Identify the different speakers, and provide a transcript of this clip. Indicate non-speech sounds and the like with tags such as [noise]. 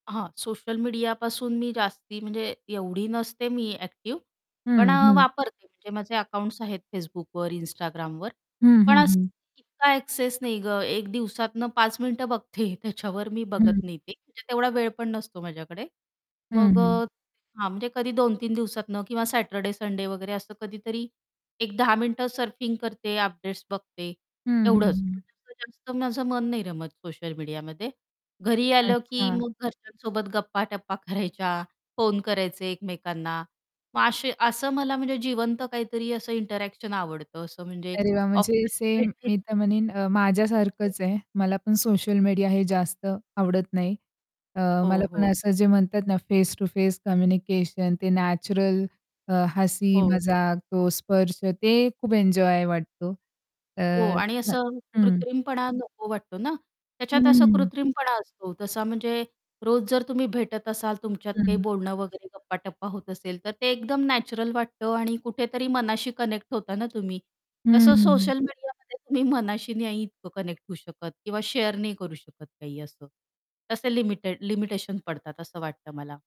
Speaker 1: हां. सोशल मीडियापासून मी जास्ती, म्हणजे एवढी नसते मी ॲक्टिव्ह. पण
Speaker 2: हं,
Speaker 1: अ,
Speaker 2: हं.
Speaker 1: वापरते म्हणजे माझे अकाउंट्स आहेत Facebookवर, Instagramवर.
Speaker 2: हं,
Speaker 1: पण
Speaker 2: हं,
Speaker 1: असं
Speaker 2: हं.
Speaker 1: इतका ॲक्सेस नाही गं, एक दिवसातनं 5 मिनिटं बघते त्याच्यावर मी बघत
Speaker 2: हं.
Speaker 1: नाही. ते म्हणजे तेवढा वेळ पण नसतो माझ्याकडे.
Speaker 2: हं,
Speaker 1: मग
Speaker 2: हं.
Speaker 1: अ, हां. म्हणजे कधी 2-3 दिवसातनं किंवा सॅटर्डे संडे वगैरे असं कधीतरी, एक 10 मिनिटं सर्फिंग करते. अपडेट्स बघते,
Speaker 2: हं, हं,
Speaker 1: एवढंच.
Speaker 2: हं.
Speaker 1: [unintelligible] तर माझं मन नाही रमत सोशल मीडियामध्ये घरी आलं, की
Speaker 2: अच्छा.
Speaker 1: मग घरच्यांसोबत गप्पाटप्पा करायच्या, [chuckles] फोन करायचे एकमेकांना, मग असे असं मला म्हणजे जिवंत काहीतरी असं इंटरॅक्शन आवडतं. असं म्हणजे
Speaker 2: अरे वाह! म्हणजे
Speaker 1: ऑफलाईन
Speaker 2: सेम
Speaker 1: भेटेत
Speaker 2: मी तर म्हणीन अ, माझ्या
Speaker 1: [unintelligible]
Speaker 2: सारखंच आहे. मला पण सोशल मीडिया हे जास्त आवडत नाही. अ,
Speaker 1: हो,
Speaker 2: मला पण
Speaker 1: हो.
Speaker 2: असं जे म्हणतात ना, फेस टु फेस कम्युनिकेशन ते नॅचरल अ, हसी
Speaker 1: हो.
Speaker 2: मजाक तो स्पर्श ते खूप एन्जॉय वाटतो.
Speaker 1: हो.
Speaker 2: तर
Speaker 1: आणि
Speaker 2: अ,
Speaker 1: असं
Speaker 2: हं.
Speaker 1: कृत्रिमपणा नको वाटतो ना,
Speaker 2: हं,
Speaker 1: त्याच्यात
Speaker 2: हं,
Speaker 1: असा
Speaker 2: हं, हं.
Speaker 1: कृत्रिमपणा असतो तसा म्हणजे रोज जर तुम्ही भेटत असाल तुमच्यात काही
Speaker 2: हं.
Speaker 1: बोलणं वगैरे गप्पाटप्पा होत असेल, तर ते एकदम नॅचरल वाटतं आणि कुठेतरी मनाशी कनेक्ट होता ना तुम्ही?
Speaker 2: हं,
Speaker 1: तसं
Speaker 2: हं, हं.
Speaker 1: सोशल मीडियामध्ये तुम्ही मनाशी नाही इतकं कनेक्ट होऊ शकत किंवा शेअर नाही करू शकत काही असं, तसे लिमिटेड लिमिटेशन पडतात असं वाटतं मला.